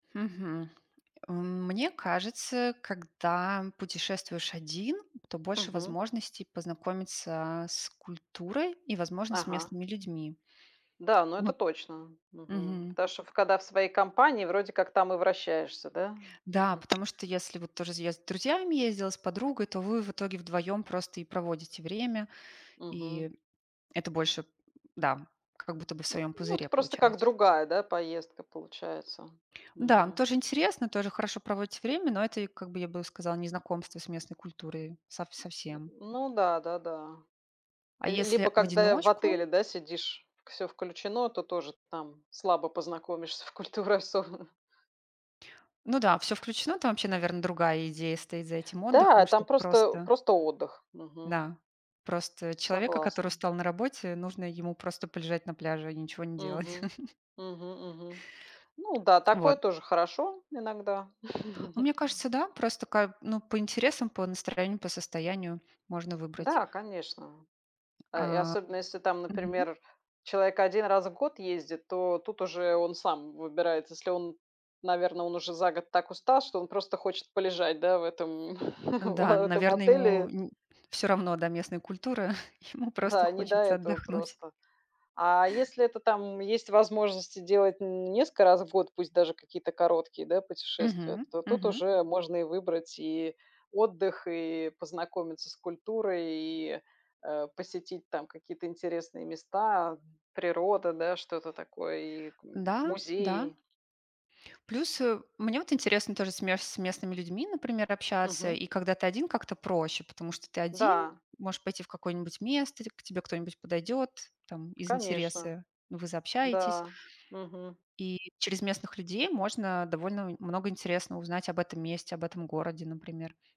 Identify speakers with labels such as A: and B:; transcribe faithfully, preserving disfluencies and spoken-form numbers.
A: Мгм. А мне кажется, когда путешествуешь один, то больше
B: Мгм.
A: возможностей познакомиться с культурой и, возможно, с
B: Ага.
A: местными людьми.
B: Да, ну это
A: Вот.
B: точно. Мгм.
A: Мгм.
B: Потому что когда в своей компании, вроде как там и вращаешься, да?
A: Да,
B: Мгм.
A: потому что, если вот тоже я с друзьями ездила, с подругой, то вы в итоге вдвоём просто и проводите время,
B: Мгм.
A: и это больше Да, как будто бы в
B: Ну
A: своём
B: ну,
A: пузыре
B: ты просто как
A: получаюсь.
B: другая, да, поездка получается.
A: Да,
B: Мгм.
A: тоже интересно, тоже хорошо проводите время, но это, и, как бы я бы сказала, не знакомство с местной культурой сов совсем.
B: Ну да-да-да.
A: А
B: Ль
A: если
B: либо,
A: в
B: когда в
A: одиночку
B: отеле, да, сидишь, всё включено, то тоже там слабо познакомишься в культурах особенно.
A: Ну да, всё включено, там вообще, наверно, другая идея стоит за этим отдыхом,
B: Да! Там
A: чтоб
B: просто,
A: просто
B: просто отдых. Мгм.
A: да, просто человека, который
B: Согласна.
A: устал на работе, нужно ему просто полежать на пляже и ничего не делать.
B: Мгм, мгм-мгм. Ну да, такое
A: Вот.
B: тоже хорошо иногда.
A: Ну, мне кажется, да, просто как, ну, по интересам, по настроению, по состоянию можно выбрать.
B: Да, конечно. А и
A: А
B: особенно, если, там,
A: Мгм.
B: например, человек один раз в год ездит, то тут уже он сам выбирает. Если он наверно, он уже за год так устал, что он просто хочет полежать, да в этом
A: Н да,
B: в а этом
A: наверное, ему
B: отеле.
A: н всё равно до местной культуры. Ему просто
B: Да, не до
A: хочется
B: этого
A: отдохнуть.
B: просто. А если это там есть возможность делать н несколько раз в год, пусть даже какие-то короткие, да, путешествия,
A: Мгм,
B: то тут
A: мгм.
B: уже можно и выбрать и отдых, и познакомиться с культурой, и, э, посетить там какие-то интересные места, природа, да, что-то такое, и к
A: Да, да.
B: музеи.
A: Плюс, э, мне вот интересно тоже с ме с местными людьми, например, общаться,
B: Мгм.
A: и когда ты один, как-то проще, потому что ты один
B: Да.
A: можешь пойти в какое-нибудь место, к к тебе кто-нибудь подойдет, там, из
B: Конечно.
A: интереса, вы заобщаетесь.
B: Да. Мгм.
A: И через местных людей можно довольно нь много интересного узнать об этом месте, об этом городе, например.